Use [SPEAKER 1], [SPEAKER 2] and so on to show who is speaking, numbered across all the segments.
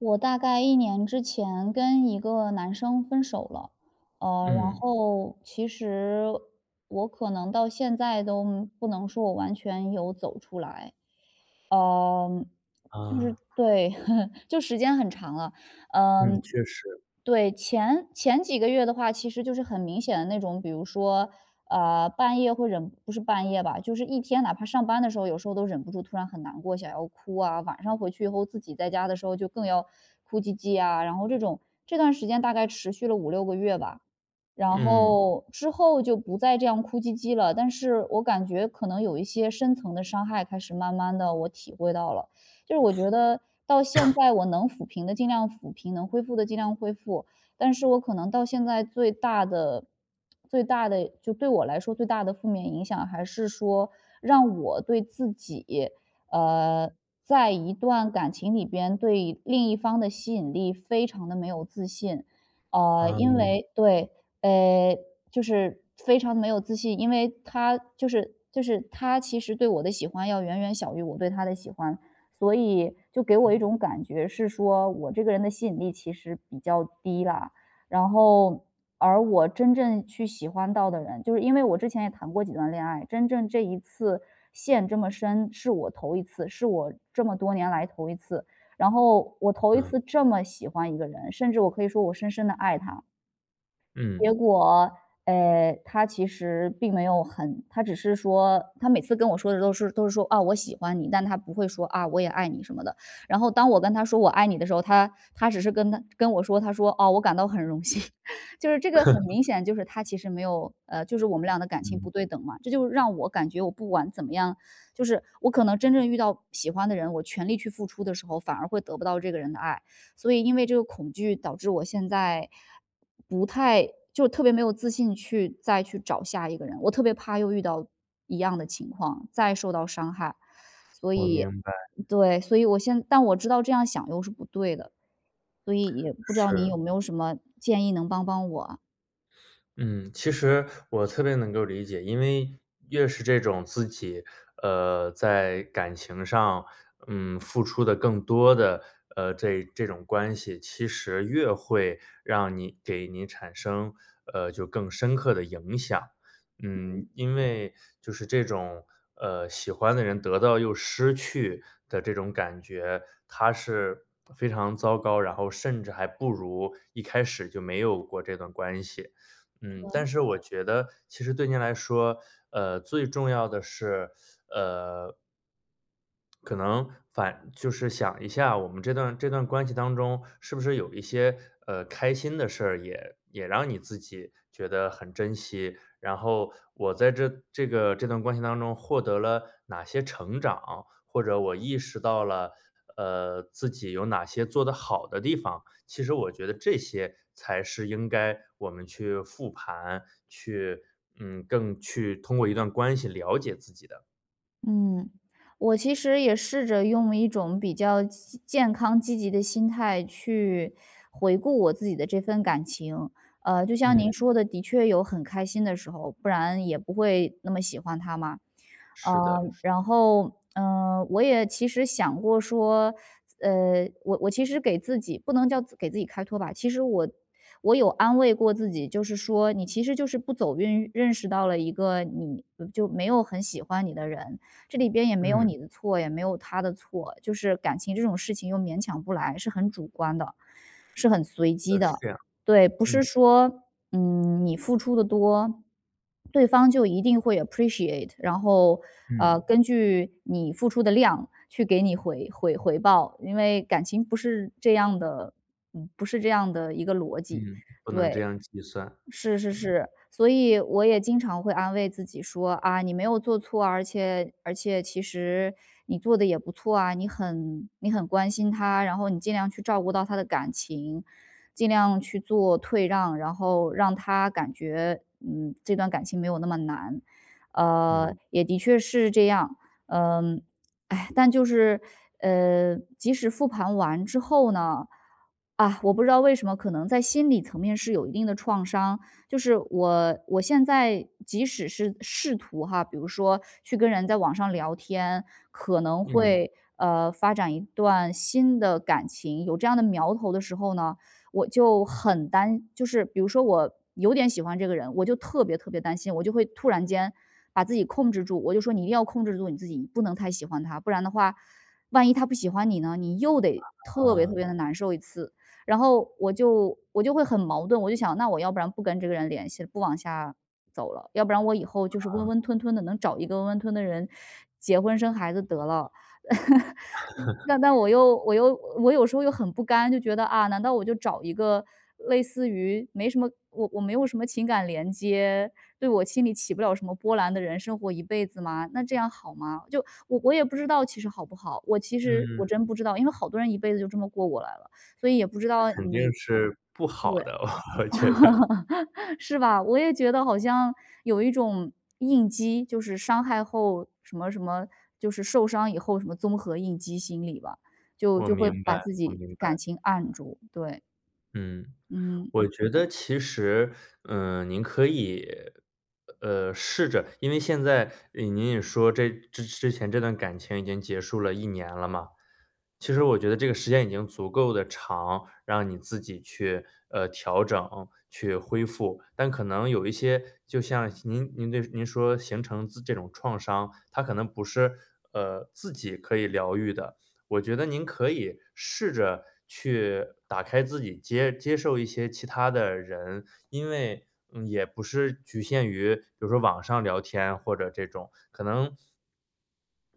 [SPEAKER 1] 我大概1年之前跟一个男生分手了。呃，然
[SPEAKER 2] 嗯。
[SPEAKER 1] 后，其实我可能到现在都不能说我完全有走出来。呃，就是
[SPEAKER 2] 啊。
[SPEAKER 1] 对，就时间很长了。
[SPEAKER 2] 嗯，
[SPEAKER 1] 嗯，
[SPEAKER 2] 确实。
[SPEAKER 1] 对，前前几个月的话，其实就是很明显的那种，比如说，呃，半夜会忍不是半夜吧，就是一天哪怕上班的时候，有时候都忍不住突然很难过想要哭啊，晚上回去以后自己在家的时候就更要哭唧唧啊，然后这种这段时间大概持续了5-6个月吧。然
[SPEAKER 2] 嗯。
[SPEAKER 1] 后之后就不再这样哭唧唧了，但是我感觉可能有一些深层的伤害开始慢慢地我体会到了，就是我觉得 到现 在我能抚平的尽量抚平，能恢复的尽量恢复。但是我可能到现在最大的最大的就对我来说最大的负面影响还是说让我对自己，呃，在一段感情里边对另一方的吸引力非常地没有自信。呃，因
[SPEAKER 2] 嗯。
[SPEAKER 1] 为对，诶，就是非常没有自信，因为他就是就是他其实对我的喜欢要远远小于我对他的喜欢，所以就给我一
[SPEAKER 2] 嗯。
[SPEAKER 1] 种感觉是说我这个人的吸引力其实比较低啦。然后而我真正去喜欢到的人就是因为我之前也谈过几段恋爱，真正这一次陷这么深是我头一次，是我这么多年来头一次。然后我头一
[SPEAKER 2] 嗯。
[SPEAKER 1] 次这么喜欢一个人，甚至我可以说我深深地爱他。结
[SPEAKER 2] 嗯。
[SPEAKER 1] 果，呃，他其实并没有很他只是说他每次跟我说的都是都是说：“啊，我喜欢你。”但他不会说：“啊，我也爱你。”什么的。然后当我跟他说我爱你的时候，他他只是跟他跟我说，他说：“哦，我感到很荣幸。” 就是这个很明 显，就是他其实没有呃，就是我们俩的感情
[SPEAKER 2] 嗯。
[SPEAKER 1] 不对等嘛，这就让我感觉我不管怎么样就是我可能真正遇到喜欢的人，我全力去付出的时候，反而会得不到这个人的爱。所以因为这个恐惧导致我现在不太就特别没有自信去再去找下一个人，我特别怕又遇到一样的情况，再受到伤害。所
[SPEAKER 2] 我
[SPEAKER 1] 以
[SPEAKER 2] 明白。
[SPEAKER 1] 对，所以我现但我知道这样想又是不对的，所以也不知道你
[SPEAKER 2] 是。
[SPEAKER 1] 有没有什么建议能帮帮我。
[SPEAKER 2] 嗯，其实我特别能够理解，因为越是这种自己，呃，在感情上，嗯，付出的更多的，呃，这这种关系，其实越会让你给你产生，呃，就更深刻的影响。嗯，
[SPEAKER 1] 嗯。
[SPEAKER 2] 因为就是这种，呃，喜欢的人得到又失去的这种感觉，它是非常糟糕，然后甚至还不如一开始就没有过这段关系。嗯，但
[SPEAKER 1] 对。
[SPEAKER 2] 是我觉得其实对您来说，呃，最重要的是 呃。可能，反就是想一下我们这段这段关系当中，是不是有一些，呃，开心的事儿，也也让你自己觉得很珍惜？然后，我在这这个这段关系当中获得了哪些成长？或者我意识到了，呃，自己有哪些做得好的地方？其实我觉得，这些才是应该我们去复盘，去，嗯，更去通过一段关系了解自己的。
[SPEAKER 1] 嗯，我其实也试着用一种比较健健康积极的心态，去回顾我自己的这份感情。呃，就像
[SPEAKER 2] 嗯。
[SPEAKER 1] 您说的，的确有很开心的时候，不然也不会那么喜欢他嘛。
[SPEAKER 2] 是的。
[SPEAKER 1] 呃，
[SPEAKER 2] 是。
[SPEAKER 1] 然后，嗯，我也其实想过说，呃，我我其实给自己不能叫给自己开脱吧，其实我我有安慰过自己。就是说，你其实就是不走运，认识到了一个你就没有很喜欢你的人。这里边也没有
[SPEAKER 2] 嗯。
[SPEAKER 1] 你的错，也没有他的错。就是感情这种事情又勉强不来，是很主观的、是很随机的。
[SPEAKER 2] 是的，是这样，
[SPEAKER 1] 对，不
[SPEAKER 2] 嗯。
[SPEAKER 1] 是说，嗯，你付出得多，对方就一定会有 appreciate。然后，呃，
[SPEAKER 2] 嗯。
[SPEAKER 1] 根据你付出的量，去给你回回回报。因为感情不是这样的，嗯，不是这样的一个逻辑，
[SPEAKER 2] 嗯，不能这
[SPEAKER 1] 对，
[SPEAKER 2] 样计算。
[SPEAKER 1] 是是
[SPEAKER 2] 嗯。
[SPEAKER 1] 是，所以我也经常会安慰自己说：“啊，你没有做错，而且而且其实你做得也不错啊，你很你很关心他。然后你尽量去照顾到他的感情，尽量去做退让。然后让他感觉，嗯，这段感情没有那么难。“呃，
[SPEAKER 2] 嗯。
[SPEAKER 1] 也的确是这样。嗯，唉，但就是，呃，即使复盘完之后呢啊，我不知道为什么，可能在心理层面是有一定的创伤。就是我我现在即使是试图哈，比如说去跟人在网上聊天，可能
[SPEAKER 2] 嗯。
[SPEAKER 1] 会，呃，发展一段新的感情，有这样的苗头的时候呢，我就很担就是比如说我有点喜欢这个人，我就特别特别担心，我就会突然间把自己控制住。我就说：“你一定要控制住你自己，不能太喜欢他，不然的话，万一他不喜欢你呢，你又得特别特
[SPEAKER 2] 啊。
[SPEAKER 1] 别地难受一次。”然后我就我就会很矛盾，我就想：“那我要不然不跟这个人联系了，不往下走了。”要不然我以后就是温温
[SPEAKER 2] 嗯。
[SPEAKER 1] 吞吞的，能找一个温温吞吞的人结婚、生孩子得了。但但我又我又我有时候又很不甘，就觉得：“啊，难道我就找一个类似于没什么我我没有什么情感连接，对我心里起不了什么波澜的人生活一辈子吗？那这样好吗？“就，我我也不知道其实好不好，我其实我
[SPEAKER 2] 嗯。
[SPEAKER 1] 真不知道。因为好多人一辈子就这么过过来了，所以也不知
[SPEAKER 2] 那
[SPEAKER 1] 道
[SPEAKER 2] 肯定
[SPEAKER 1] 你
[SPEAKER 2] 是不
[SPEAKER 1] 对，
[SPEAKER 2] 好的，我觉得。
[SPEAKER 1] 是吧，我也觉得好像有一种应激，就是伤害后什么什么就是受伤以后什么综合应激心理吧，就
[SPEAKER 2] 我
[SPEAKER 1] 就
[SPEAKER 2] 明
[SPEAKER 1] 会
[SPEAKER 2] 白，
[SPEAKER 1] 把自
[SPEAKER 2] 我
[SPEAKER 1] 己
[SPEAKER 2] 明
[SPEAKER 1] 感
[SPEAKER 2] 白。
[SPEAKER 1] 情按住，对。
[SPEAKER 2] 嗯。
[SPEAKER 1] 嗯。
[SPEAKER 2] 我觉得其实，呃，您可以，呃，试着因为现在，呃，您也说这之前这段感情已经结束了1年了嘛。其实我觉得这个时间已经足够地长，让你自己去，呃，调整，去恢复。但可能有一些就像您您这您说形成自这种创伤，它可能不是呃，自己可以疗愈的。我觉得您可以试着去打开自己接接受一些其他的人，因为嗯，也不是局限于比如说网上聊天或者这种。可能，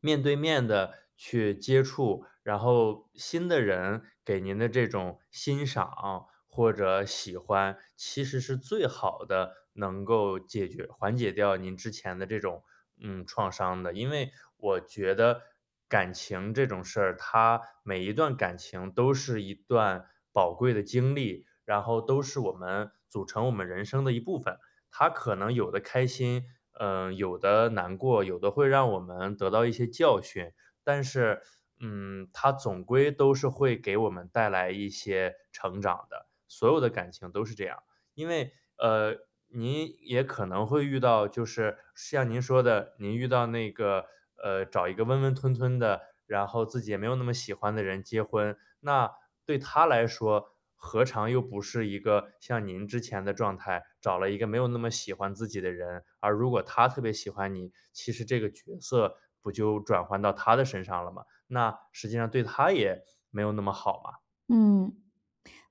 [SPEAKER 2] 面对面地去接触，然后新的人给您的这种欣赏，或者喜欢，其实是最好的能够解决缓解掉您之前的这种，嗯，创伤的。因为我觉得感情这种事儿，它每一段感情都是一段宝贵的经历，然后都是我们组成我们人生的一部分。它可能有的开心，呃，有的难过，有的会让我们得到一些教训。但是，嗯，它总归都是会给我们带来一些成长的，所有的感情都是这样。因为，呃，您也可能会遇到就是像您说的，您遇到那个呃，找一个温温吞吞的，然后自己也没有那么喜欢的人结婚。那对他来说，何尝又不是一个像您之前的状态，找了一个没有那么喜欢自己的人。而如果他特别喜欢你，其实这个角色不就转换到他的身上了吗？那实际上对他也没有那么好嘛。
[SPEAKER 1] 嗯。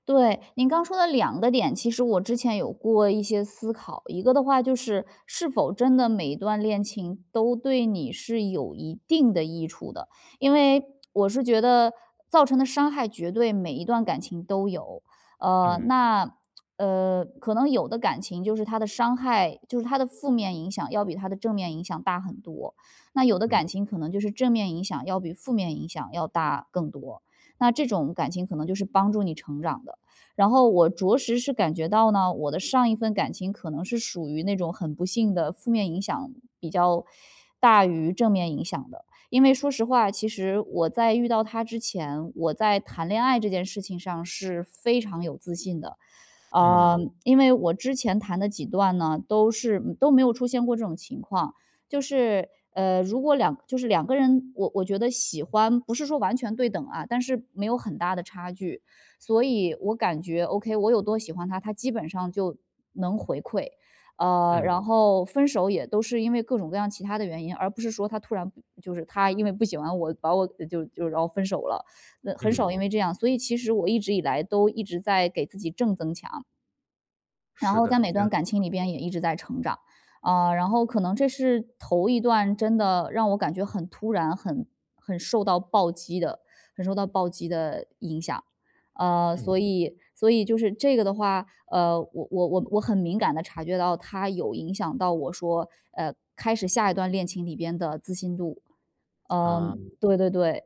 [SPEAKER 1] 对，您刚说的两个点，其实我之前有过一些思考，一个的话就是是否真的每一段恋情都对你是有一定的益处的。因为，我是觉得造成的伤害，绝对每一段感情都有。呃，
[SPEAKER 2] 嗯。
[SPEAKER 1] 那，呃，可能有的感情就是它的伤害就是它的负面影响要比它的正面影响大很多。那有的
[SPEAKER 2] 嗯。
[SPEAKER 1] 感情可能就是正面影响要比负面影响要大更多，那这种感情可能就是帮助你成长的。然后我着实是感觉到呢，我的上一份感情可能是属于那种很不幸的负面影响比较大于正面影响的。因为说实话，其实我在遇到他之前，我在谈恋爱这件事情上是非常有自信的。啊，
[SPEAKER 2] 嗯。
[SPEAKER 1] 因为我之前谈的几段呢，都是都没有出现过这种情况，就是呃，如果两就是两个人，我我觉得喜欢不是说完全对等啊，但是没有很大的差距，所以我感觉，ok，我有多喜欢他，他基本上就能回馈。呃，
[SPEAKER 2] 嗯。
[SPEAKER 1] 然后分手也都是因为各种各样其它的原因，而不是说他突然就是他因为不喜欢我，把我就就然后分手了，那很
[SPEAKER 2] 嗯。
[SPEAKER 1] 少因为这样，所以其实我一直以来都一直在给自己正增强。然
[SPEAKER 2] 是
[SPEAKER 1] 后在
[SPEAKER 2] 的。
[SPEAKER 1] 每段感情里
[SPEAKER 2] [unintelligible]
[SPEAKER 1] 边也一直在成长。啊，然后可能这是头一段，真的让我感觉很突然，很很受到暴击的很受到暴击的影响。啊，
[SPEAKER 2] 嗯。
[SPEAKER 1] 所以所以就是这个的话，呃，我我我我很敏感地察觉到他有影响到我说，呃，开始下一段恋情里边的自信度。嗯，
[SPEAKER 2] 嗯。
[SPEAKER 1] 对对对，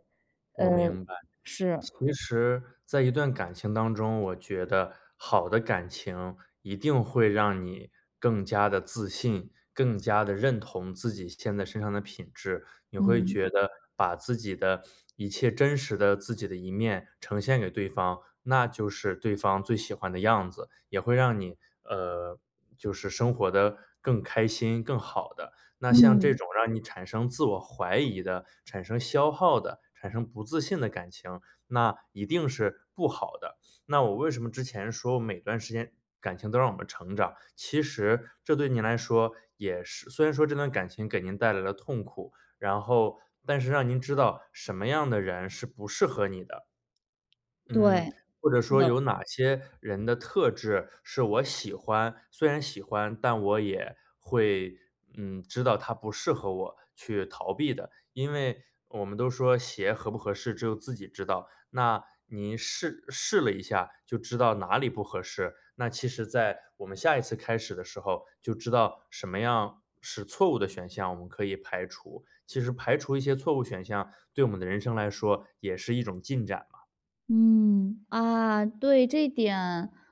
[SPEAKER 2] 我
[SPEAKER 1] 嗯，
[SPEAKER 2] 明白。
[SPEAKER 1] 是。
[SPEAKER 2] 其实在一段感情当中，我觉得好的感情一定会让你更加地自信、更加地认同自己现在身上的品质。你会
[SPEAKER 1] 嗯。
[SPEAKER 2] 觉得把自己的一切真实的自己的一面，呈现给对方，那就是对方最喜欢的样子，也会让你，呃，就是生活得更开心、更好的。那像这
[SPEAKER 1] 嗯。
[SPEAKER 2] 种让你产生自我怀疑的、产生消耗的、产生不自信的感情，那一定是不好的。那我为什么之前说每段时间感情都让我们成长，其实这对你来说也是虽然说这段感情给您带来了痛苦，然后但是让您知道什么样的人是不适合你的。嗯，
[SPEAKER 1] 对，
[SPEAKER 2] 或者
[SPEAKER 1] 是
[SPEAKER 2] 说
[SPEAKER 1] 的。
[SPEAKER 2] 有哪些人的特质是我喜欢虽然喜欢，但我也会，嗯，知道他不适合我，去逃避的。因为我们都说：“鞋合不合适，只有自己知道。”那您试试了一下就知道哪里不合适，那其实在我们下一次开始的时候就知道什么样是错误的选项，我们可以排除。其实排除一些错误选项对我们的人生来说也是一种进展嘛。
[SPEAKER 1] 嗯，啊，对，这点，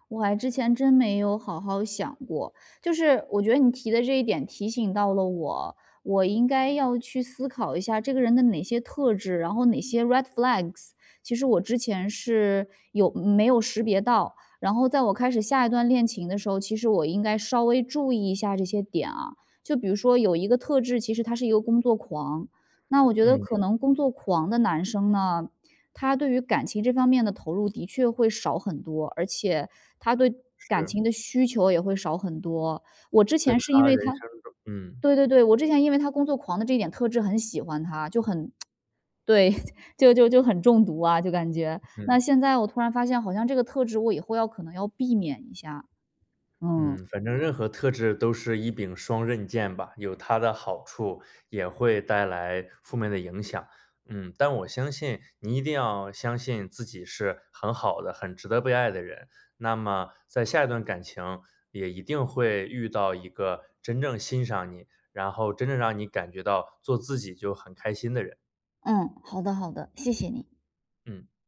[SPEAKER 1] 我还之前真没有好好想过。就是我觉得你提的这一点提醒到了我，我应该要去思考一下这个人的哪些特质，然后哪些 red flags。其实我之前是有没有识别到，然后在我开始下一段恋情的时候，其实我应该稍微注意一下这些点啊。就比如说有一个特质，其实他是一个工作狂，那我觉得
[SPEAKER 2] 嗯。
[SPEAKER 1] 可能工作狂的男生呢，他对于感情这方面的投入的确会少很多，而且他对感
[SPEAKER 2] 是。
[SPEAKER 1] 情的需求也会少很多。我之
[SPEAKER 2] 在
[SPEAKER 1] 前是因
[SPEAKER 2] 他
[SPEAKER 1] 为
[SPEAKER 2] 人
[SPEAKER 1] 他
[SPEAKER 2] 生中嗯。
[SPEAKER 1] 对对对，我之前因为他工作狂的这一点特质很喜欢他，就很 对，就就就很中毒啊，就感觉。那
[SPEAKER 2] 嗯。
[SPEAKER 1] 现在我突然发现好像这个特质我以后要可能要避免一下，
[SPEAKER 2] 嗯，
[SPEAKER 1] 嗯。
[SPEAKER 2] 反正任何特质都是一柄双刃剑吧，有它的好处，也会带来负面的影响。嗯，但我相信你一定要相信自己是很好的、很值得被爱的人。那么在下一段感情也一定会遇到一个真正欣赏你，然后真正让你感觉到做自己就很开心的人。
[SPEAKER 1] 嗯，好的，好的，谢谢你。
[SPEAKER 2] 嗯。